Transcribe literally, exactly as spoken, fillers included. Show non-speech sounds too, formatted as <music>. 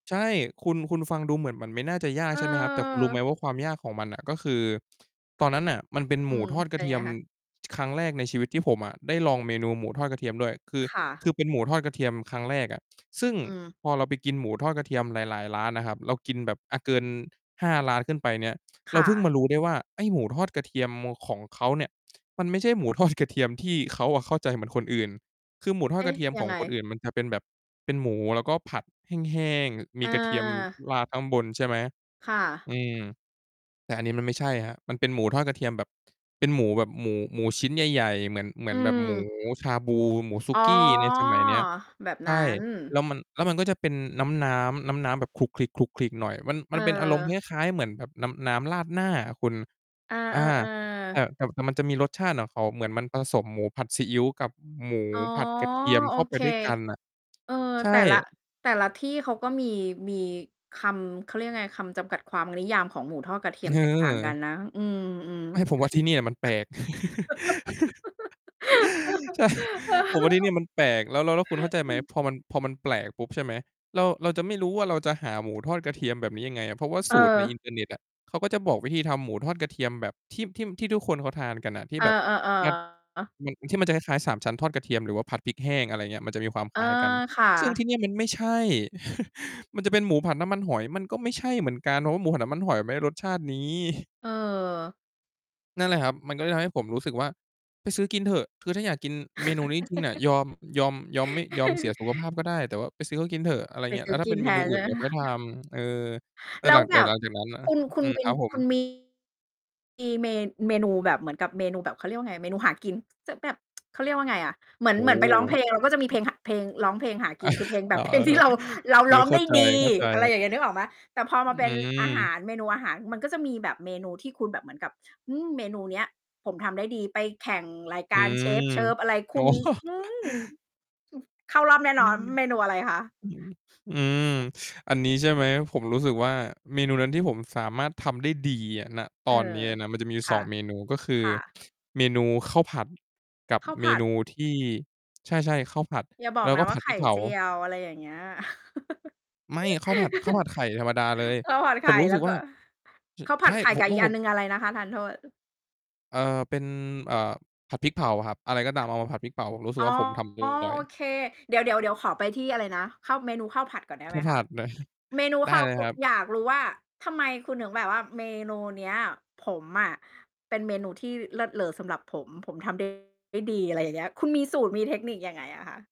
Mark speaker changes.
Speaker 1: ใช่ คุณ คุณฟังดูเหมือนมันไม่น่าจะยาก
Speaker 2: เ
Speaker 1: ใช่ไหมครับ? แต่คุณรู้ไหม
Speaker 2: ออ
Speaker 1: ว่า ความยากของมันน่ะ ก็คือ ตอนนั้นน่ะมันเป็น
Speaker 2: อ
Speaker 1: ห
Speaker 2: ื
Speaker 1: มู
Speaker 2: ม
Speaker 1: ทอดก
Speaker 2: เ
Speaker 1: ร
Speaker 2: ป
Speaker 1: ะ
Speaker 2: ็น
Speaker 1: เท
Speaker 2: ย
Speaker 1: ี
Speaker 2: ัง
Speaker 1: ย
Speaker 2: ไง
Speaker 1: ม
Speaker 2: คะ?
Speaker 1: ครั้งแรกในชีวิต ที่ผมอะได้ลองเมนูหมูทอดกระเทียมด้วย คือ
Speaker 2: ค่ะ
Speaker 1: คือเป็นหมูทอดกระเทียมครั้งแรกอะ ซึ่ง
Speaker 2: อืม
Speaker 1: พอเราไปกินหมูทอดกระเทียมหลาย ๆ ร้านอะครับ เรากินแบบ อ่า เกิน ห้า ร้านขึ้นไปเนี่ย
Speaker 2: ค
Speaker 1: เรา
Speaker 2: ่
Speaker 1: เพิ่ง
Speaker 2: ะ
Speaker 1: มารู้ได้ว่า ไอ้หมูทอดกระเทียมของเขาเนี่ย มันไม่ใช่หมู ทอด กระเทียมที่เขาอะเข้าใจเหมือนคนอื่น คือหมูทอ
Speaker 2: เอ
Speaker 1: ดก
Speaker 2: ๊
Speaker 1: ระ
Speaker 2: ะ
Speaker 1: เทียม
Speaker 2: ย
Speaker 1: ข
Speaker 2: ั
Speaker 1: อ
Speaker 2: ง
Speaker 1: ง
Speaker 2: ไง?
Speaker 1: คนอื่นมันจะเป็นแบบเป็นหมู แล้วก็ผัดแห้ง ๆ มี
Speaker 2: อ
Speaker 1: กระเทียม
Speaker 2: า
Speaker 1: ราดข้างบนใช่ไหม
Speaker 2: ค่ะ
Speaker 1: อืม แต่อันนี้มันไม่ใช่ครับ มันเป็นหมูทอดกระเทียมแบบ เป็นหมูแบบหมู หมูชิ้นใหญ่ ๆ เหมือน เหมื
Speaker 2: อื
Speaker 1: อนแบบหมู
Speaker 2: ม
Speaker 1: ชาบู หมูสุ
Speaker 2: อ๋อ
Speaker 1: กี้ในสมัยเนี้ย
Speaker 2: แบบ
Speaker 1: ใช
Speaker 2: นั้
Speaker 1: ่
Speaker 2: น
Speaker 1: แล้วมัน แล้วมันก็จะเป็นน้ำ ๆ น้ำ ๆ แบบขลุกขลิก ๆ หน่อย มัน ม
Speaker 2: เ
Speaker 1: ันเป็นอารมณ์ค
Speaker 2: ออ
Speaker 1: ล้าย ๆ เหมือนแบบน้ำ น้ำราดหน้าอะคุณ
Speaker 2: เอ
Speaker 1: อา
Speaker 2: อ
Speaker 1: แต่
Speaker 2: ๆ ๆ
Speaker 1: แต่มันจะมีรสชาติของเขาเหมือนมันผสมหมูผัดซีอิ๊วกับหมู
Speaker 2: อ๋อ
Speaker 1: ผัดกระเทียม
Speaker 2: โอ
Speaker 1: เข้าไป
Speaker 2: เค
Speaker 1: ด้วยกันน่ะ
Speaker 2: เออ
Speaker 1: ใช่
Speaker 2: แต่ละ แต่ละที่เขาก็มี มีคำ เขาเรียกยังไง คำจำกัดความนิยามของหมูทอดกระเทียมแตกต่างกั
Speaker 1: เออ
Speaker 2: นนะ อืม
Speaker 1: ไม่
Speaker 2: ๆ
Speaker 1: ผมว่าที่นี่มันแปลก <chuckles> ใช่
Speaker 2: <laughs> เอ
Speaker 1: ผมว่าที่นี่
Speaker 2: อ
Speaker 1: มันแปลก แล้ว แล้ว แล้วคุณเข้าใจไหม? พอมัน พอมันแปลกปุ๊บ ใช่ไหม เรา เราจะไม่รู้ว่าเราจะหาหมูทอดกระเทียมแบบนี้ยังไงอะ เพราะว่าสูตรใน
Speaker 2: เออ
Speaker 1: อินเทอร์เน็ตอะ เขาก็จะบอกวิธีทำหมูทอดกระเทียมแบบที่ ที่ทุกคนเขาทานกันอะ ที่
Speaker 2: เออ
Speaker 1: แบบ ครับ
Speaker 2: ๆ เออ
Speaker 1: มัน ที่มันจะคล้าย ๆ สามชั้นทอดกระเทียม หรือว่าผัดพริกแห้ง อะไรอย่างเงี้ย มันจะมีความ
Speaker 2: เ
Speaker 1: ค
Speaker 2: ออ
Speaker 1: ล้ายกัน
Speaker 2: ค่
Speaker 1: ซึ่งท
Speaker 2: ะ
Speaker 1: ี่เนี่ยมันไม่ใช่ <chuckles> มันจะเป็นหมูผัดน้ำมันหอย มันก็ไม่ใช่เหมือนกัน เพราะว่าหมูผัดน้ำมันหอยไม่ได้รสชาตินี้
Speaker 2: เออ
Speaker 1: นั่นแหละครับ มันก็เลยทำให้ผมรู้สึกว่า ไปซื้อกินเถอะ คือถ้าอยากกินเมนูนี้จริง ๆ อะ ยอม ยอม ยอม ไม่ ยอมเสียสุขภาพก็
Speaker 2: <laughs>
Speaker 1: ได้ แต่ว่าไปซื้อเขาก็กินเถอะ อะไรอย
Speaker 2: ไ
Speaker 1: ่
Speaker 2: ป
Speaker 1: างเงี้ย
Speaker 2: ซ
Speaker 1: แ
Speaker 2: ื
Speaker 1: ล
Speaker 2: ้
Speaker 1: ้
Speaker 2: อ
Speaker 1: วถ้
Speaker 2: ก
Speaker 1: าเ
Speaker 2: ิ
Speaker 1: ป็
Speaker 2: น
Speaker 1: นเ
Speaker 2: แ
Speaker 1: ม
Speaker 2: ท
Speaker 1: นู
Speaker 2: นใ
Speaker 1: อื
Speaker 2: ช
Speaker 1: ่
Speaker 2: ่
Speaker 1: นเ
Speaker 2: ไ
Speaker 1: ด
Speaker 2: ห
Speaker 1: ี
Speaker 2: ม
Speaker 1: ๋ยว
Speaker 2: ค
Speaker 1: ค่
Speaker 2: ะ?
Speaker 1: อยท
Speaker 2: <chuckles>
Speaker 1: ำ เออ แล้
Speaker 2: แล
Speaker 1: วห
Speaker 2: ้
Speaker 1: ล
Speaker 2: ว
Speaker 1: ัง
Speaker 2: แ
Speaker 1: จ
Speaker 2: บ
Speaker 1: าก
Speaker 2: บ
Speaker 1: นั้น จากนั้นนะ
Speaker 2: คุณ คุ
Speaker 1: อื
Speaker 2: ณ
Speaker 1: อ
Speaker 2: เป็
Speaker 1: ค
Speaker 2: น
Speaker 1: รับผ
Speaker 2: คุ
Speaker 1: ม
Speaker 2: ณ มี เม เมนูแบบเหมือนกับเมนูแบบ เขาเรียกว่าไง เมนูหากิน จะแบบ <tsk> เขาเรียกว่าไงอะ เหมือ
Speaker 1: โอ
Speaker 2: น
Speaker 1: ้
Speaker 2: เหมือ
Speaker 1: โ
Speaker 2: นไปร้องเพลงเราก็จะมีเพ
Speaker 1: ฮ
Speaker 2: ลง ห เพลง ร้องเพลงหากิน คือเพล
Speaker 1: <chuckles>
Speaker 2: งแบ
Speaker 1: อ๋อ
Speaker 2: บเพล
Speaker 1: เ
Speaker 2: งท
Speaker 1: อ
Speaker 2: ี่
Speaker 1: อ
Speaker 2: เรา เรา
Speaker 1: ๆ เออ
Speaker 2: ร้อง
Speaker 1: เข้
Speaker 2: ไ
Speaker 1: า
Speaker 2: ด้
Speaker 1: ใจ
Speaker 2: ดี อะไร
Speaker 1: ๆ
Speaker 2: อย่างเงี้ย นึกออกไหม? แต่พอม
Speaker 1: อื
Speaker 2: าเป็นอาหา
Speaker 1: ม
Speaker 2: ร เมนูอาหาร มันก็จะมีแบบเมนูที่คุณแบบเหมือนกับ อืม เมนูเนี่ยผมทำได้ดี ไปแข่งราย
Speaker 1: อ
Speaker 2: ก
Speaker 1: ื
Speaker 2: ารเชฟ
Speaker 1: ม
Speaker 2: เชิฟ อะไรค
Speaker 1: อ๋
Speaker 2: ุ
Speaker 1: อ
Speaker 2: ณ หือ
Speaker 1: <chuckles>
Speaker 2: เข้ารอบแน่
Speaker 1: อ
Speaker 2: น
Speaker 1: ื
Speaker 2: อน
Speaker 1: ม
Speaker 2: เมนูอะไรคะ?
Speaker 1: อืม อืม อันนี้ใช่ไหม ผมรู้สึกว่าเมนูนั้นที่ผมสามารถทำได้ดีอะ ณ ต
Speaker 2: เอ
Speaker 1: อ
Speaker 2: อ
Speaker 1: นเนี้ยอะนะ มันจะมีอยู
Speaker 2: ค
Speaker 1: ่
Speaker 2: ่
Speaker 1: สอ
Speaker 2: ะ
Speaker 1: ง เมนู ก็คือ
Speaker 2: ค่ะ
Speaker 1: เมนูข้าวผัดกับ
Speaker 2: ข้าว
Speaker 1: เ
Speaker 2: ผ
Speaker 1: ม
Speaker 2: ั
Speaker 1: น
Speaker 2: ด
Speaker 1: ูที่ ใช่ ๆ ข้าวผัด
Speaker 2: อย่าบอ
Speaker 1: แล
Speaker 2: ก
Speaker 1: ้ว
Speaker 2: น
Speaker 1: ก็
Speaker 2: ะว
Speaker 1: ผ
Speaker 2: ่า
Speaker 1: ัด
Speaker 2: ไข
Speaker 1: พริ
Speaker 2: ่
Speaker 1: กเผา
Speaker 2: เจียว อะไรอย่างเงี้ย
Speaker 1: ไม่ ข้าวผัด ข้าวผ
Speaker 2: <laughs>
Speaker 1: ัดไข่ธรรมดาเลย
Speaker 2: ข้าว ผัด
Speaker 1: ผ
Speaker 2: ไข
Speaker 1: ม
Speaker 2: ่
Speaker 1: รู้
Speaker 2: แ
Speaker 1: ส
Speaker 2: ล
Speaker 1: ึ
Speaker 2: ้
Speaker 1: ก
Speaker 2: วก
Speaker 1: ว่
Speaker 2: ็
Speaker 1: า ช
Speaker 2: ข้าวผ
Speaker 1: ใช
Speaker 2: ัด
Speaker 1: ่
Speaker 2: ไข่
Speaker 1: ผ
Speaker 2: ก
Speaker 1: ม
Speaker 2: ับ
Speaker 1: ว
Speaker 2: อี
Speaker 1: ่า
Speaker 2: กอ
Speaker 1: ผ
Speaker 2: ัน
Speaker 1: ม
Speaker 2: หนึ่ง อะไรนะคะ? ทานโทษ
Speaker 1: เอ่อ เป็น เอ่อ ผัดพริกเผาครับ อะไรก็ตามเอามาผัดพริกเผา ผมรู้สึก
Speaker 2: อ
Speaker 1: ว
Speaker 2: ๋
Speaker 1: ่
Speaker 2: อ
Speaker 1: าผมทำ อร่อย
Speaker 2: โอเค เดี๋ยว ๆ เดี๋ยวขอไปที่อะไรนะ ข้าว เมนูข้าวผัดก่อนได้
Speaker 1: ข
Speaker 2: ไ
Speaker 1: ้
Speaker 2: ห
Speaker 1: า
Speaker 2: ม
Speaker 1: วผ
Speaker 2: คะ
Speaker 1: ัดเลย
Speaker 2: เมนู
Speaker 1: ได้
Speaker 2: ข้าว
Speaker 1: เลย
Speaker 2: กื
Speaker 1: ค
Speaker 2: อ
Speaker 1: รับ
Speaker 2: อยากรู้ว่า ทำไมคุณถึงแบบว่าเมนูเนี้ย ผมอะ เป็นเมนูที่เลิศเลอสำหรับผมทำ ได้ ได้ดี อะไรอย่างเงี้ย คุณมีสูตร มีเทคนิคยังไงอะคะ?